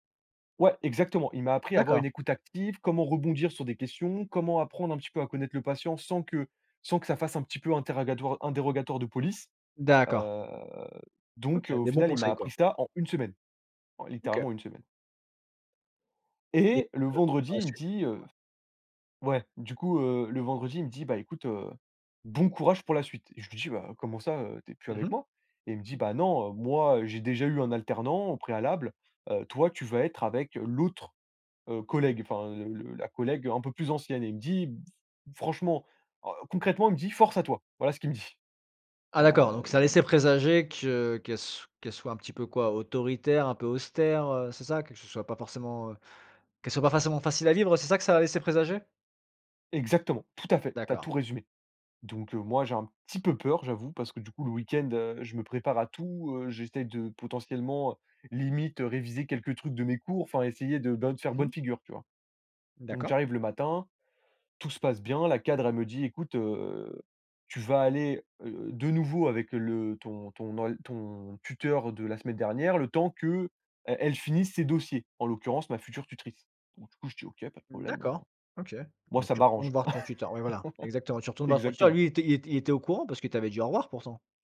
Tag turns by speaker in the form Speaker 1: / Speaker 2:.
Speaker 1: Ouais, exactement. Il m'a appris à avoir
Speaker 2: D'accord.
Speaker 1: une écoute active, comment rebondir sur des questions, comment apprendre un petit peu à connaître le patient sans que sans que ça fasse un petit peu interrogatoire- interrogatoire de police. Heu,
Speaker 2: D'accord.
Speaker 1: donc
Speaker 2: OK,
Speaker 1: au
Speaker 2: des bons
Speaker 1: final, il m'a
Speaker 2: conseils
Speaker 1: appris
Speaker 2: quoi.
Speaker 1: ça en 1 semaine, en
Speaker 2: OK.
Speaker 1: littéralement 1 semaine.
Speaker 2: Et
Speaker 1: Et le
Speaker 2: heu, par
Speaker 1: vendredi
Speaker 2: la
Speaker 1: il me
Speaker 2: suite?
Speaker 1: dit, heu ouais, du coup, heu le vendredi il me dit: «Bah écoute, heu, bon courage pour la suite». Je lui dis: «Bah, comment ça, heu, tu es plus
Speaker 2: Mmh mh.
Speaker 1: avec moi?», et il me dit: «Bah, non, heu, moi j'ai déjà eu un alternant au préalable, heu, toi tu vas être avec l'autre, heu, collègue, enfin le le la collègue, heu, un peu plus ancienne», et il me dit b franchement, heu, concrètement il me dit: «Force à toi». Voilà ce qu'il me dit.
Speaker 2: Ah d'accord,
Speaker 1: Ah
Speaker 2: donc ça
Speaker 1: d
Speaker 2: laissait présager que qu'elle s qu'elle soit un petit peu quoi? Autoritaire, un peu austère, heu, c'est ça? Que ce soit pas forcément, qu'elle soit pas forcément facile à vivre. C'est ça que ça laissait présager?
Speaker 1: Exactement, tout à fait, tu as
Speaker 2: D'accord.
Speaker 1: tout résumé, donc heu, moi j'ai un petit peu peur, j'avoue, parce que coup le week-end, heu, je me prépare à tout. Heu, j'essaye de potentiellement, heu, limite, réviser, quelques trucs de mes cours, enfin, essayer de, bien de faire
Speaker 2: Mmh
Speaker 1: bonne
Speaker 2: mh.
Speaker 1: figure tu vois? Donc
Speaker 2: D'accord.
Speaker 1: j'arrive le matin, tout se passe bien, la cadre elle me dit: «Écoute, heu, tu vas aller, heu, de nouveau avec le ton ton nol ton tuteur de la semaine dernière le temps qu'elle elle finisse ses dossiers, en l'occurrence ma future tutrice, donc du coup je dis: «OK pas de problème, heu»,
Speaker 2: D'accord. OK,
Speaker 1: moi
Speaker 2: donc
Speaker 1: ça
Speaker 2: tu retournes
Speaker 1: m'arrange.
Speaker 2: voir ton tuteur? Oui voilà, exactement. Tu retournes voir ton tuteur,
Speaker 1: Exactement.
Speaker 2: lui, il était il était il était au courant parce qu'il t'avais dit au revoir pourtant?